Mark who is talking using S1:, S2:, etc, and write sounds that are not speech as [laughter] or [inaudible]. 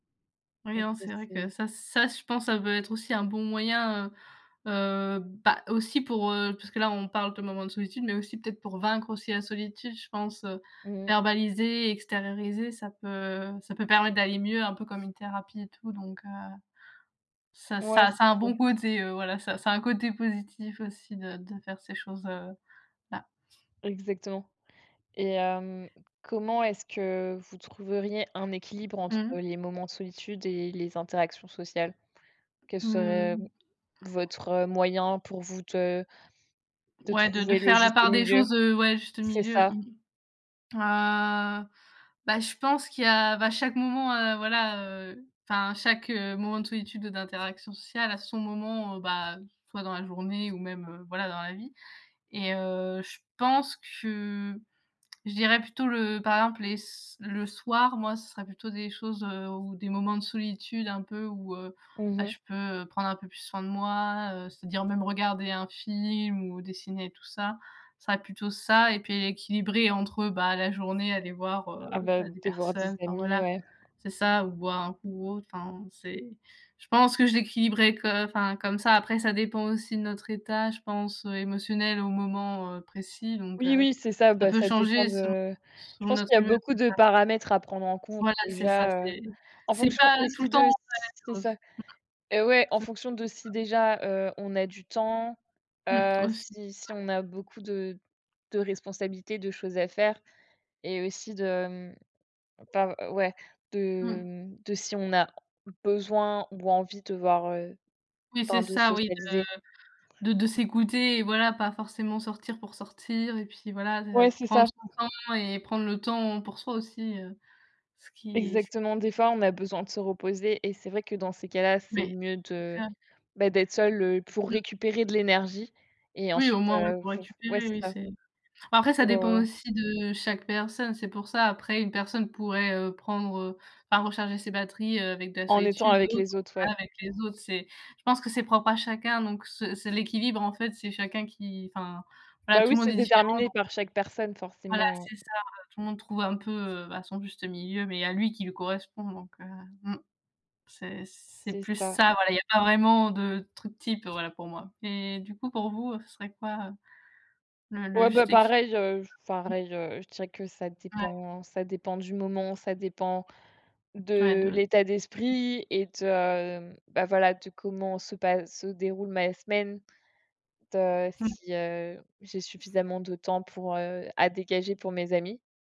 S1: Oui, hein, c'est vrai que
S2: [unintelligible]
S1: ça ça je pense ça doit être aussi un bon moyen, heu heu bah, aussi pour, heu puisque là on parle de moments de solitude mais aussi peut-être pour vaincre aussi la solitude. Je pense, heu,
S2: Mmh mh.
S1: verbaliser, extérioriser, ça peut ça peut permettre d'aller mieux, un peu comme une thérapie et tout donc heu, ça
S2: Ouais,
S1: ça
S2: c'est
S1: ça a un bon
S2: clair.
S1: côté, heu, voilà. Ça ça a un côté positif aussi de de faire ces choses, heu, là.
S2: Exactement. Et hem, comment est-ce que vous trouveriez un équilibre entre
S1: Mmh.
S2: les moments de solitude et les interactions sociales? Quel serait
S1: Mmh.
S2: votre, heu, moyen pour vous de de
S1: Ouais, de de
S2: trouver le
S1: faire la
S2: juste
S1: part des
S2: milieu?
S1: choses, heu, ouais juste
S2: C'est
S1: milieu,
S2: ça.
S1: mmh. Ah bah je pense qu'il y a bah chaque moment, heu, voilà, heu enfin chaque moment de solitude ou d'interaction sociale a son moment, bah, soit dans la journée ou même, heu, voilà dans la vie et heu, je pense que je dirais plutôt le par exemple les s le soir, moi ce serait plutôt des choses, heu, ou des moments de solitude un peu où, heu,
S2: Mmh
S1: bah,
S2: mh.
S1: je peux, heu, prendre un peu plus soin de moi, heu, c'est-à-dire même regarder un film ou dessiner tout ça. Ça va être plutôt ça et puis équilibrer entre bah, la journée aller voir,
S2: Ah
S1: heu,
S2: bah
S1: bah, des
S2: de voir des
S1: personnes, enfin
S2: amis,
S1: voilà
S2: ouais
S1: c'est ça. Ou boire un coup ou autre, enfin c'est je pense que j'équilibrerais co enfin comme ça, après ça dépend aussi de notre état je pense émotionnel au moment, heu, précis donc
S2: Oui,
S1: heu,
S2: oui, c'est ça,
S1: ça
S2: bah
S1: peut
S2: ça dépend
S1: changer selon
S2: de je
S1: selon
S2: pense
S1: notre
S2: qu'il y a
S1: humeur,
S2: beaucoup
S1: c'est
S2: de
S1: ça.
S2: paramètres à prendre en compte
S1: Voilà c'est ça,
S2: déjà, heu,
S1: c'est
S2: en
S1: c'est
S2: fonction
S1: pas tout
S2: aussi
S1: le temps
S2: de c'est ça. Eh ouais, en fonction de si
S1: [unintelligible]
S2: déjà, heu, on a du temps,
S1: Mmh
S2: heu,
S1: aussi, ouais.
S2: si si on a beaucoup de de responsabilités, de choses à faire, et aussi de mmh pas ouais, de
S1: Mmh.
S2: mmh, de si on a besoin ou envie de voir, heu
S1: Oui,
S2: enfin
S1: c'est
S2: de
S1: ça oui,
S2: socialiser.
S1: de de de s'écouter et voilà. Pas forcément sortir pour sortir et puis voilà, de
S2: Ouais, c'est
S1: prendre
S2: ça.
S1: son temps et prendre le temps pour soi aussi, heu, ce qui est s
S2: Exactement, des fois on a besoin de se reposer et c'est vrai que dans ces cas-là, c'est
S1: Mais
S2: mieux de
S1: [unintelligible]
S2: bah, d'être seul, heu, pour
S1: Mmh.
S2: récupérer de l'énergie, et
S1: Oui,
S2: ensuite,
S1: au moins ouais,
S2: heu,
S1: pour
S2: faut f ouais,
S1: récupérer,
S2: c'est
S1: oui
S2: ça.
S1: c'est après ça
S2: Pour,
S1: dépend
S2: heu
S1: aussi de chaque personne, c'est pour ça. Après une personne pourrait, heu, prendre, heu enfin recharger ses batteries, heu, avec de la
S2: En étant
S1: solitude,
S2: avec
S1: d'autres
S2: les autres, ouais.
S1: voilà, avec les autres. C'est je pense que c'est propre à chacun donc ce c'est l'équilibre en fait, c'est chacun qui enfin voilà,
S2: Bah
S1: tout
S2: oui
S1: le
S2: c'est
S1: monde est différent
S2: déterminé
S1: donc
S2: par chaque personne,
S1: Voilà
S2: forcément.
S1: c'est ça, heu, tout le monde trouve un peu, heu, bah, son juste milieu, mais à lui, qui lui correspond donc heu mmh, c'est c'est
S2: C'est
S1: plus
S2: ça.
S1: ça, voilà, il y a pas vraiment de truc type, voilà pour moi. Et du coup pour vous, ce serait quoi, heu, le le
S2: Ouais, bah
S1: juste équi?
S2: pareil, heu, je f pareil, heu, je dirais que ça
S1: Ouais.
S2: dépend, ça dépend du moment, ça dépend
S1: Ouais de
S2: de
S1: de
S2: l'état d'esprit et de, bah, voilà, de comment se passe, se déroule ma semaine en fait, heu,
S1: Mmh.
S2: si, heu, j'ai suffisamment de temps pour, heu, à dégager pour mes amis.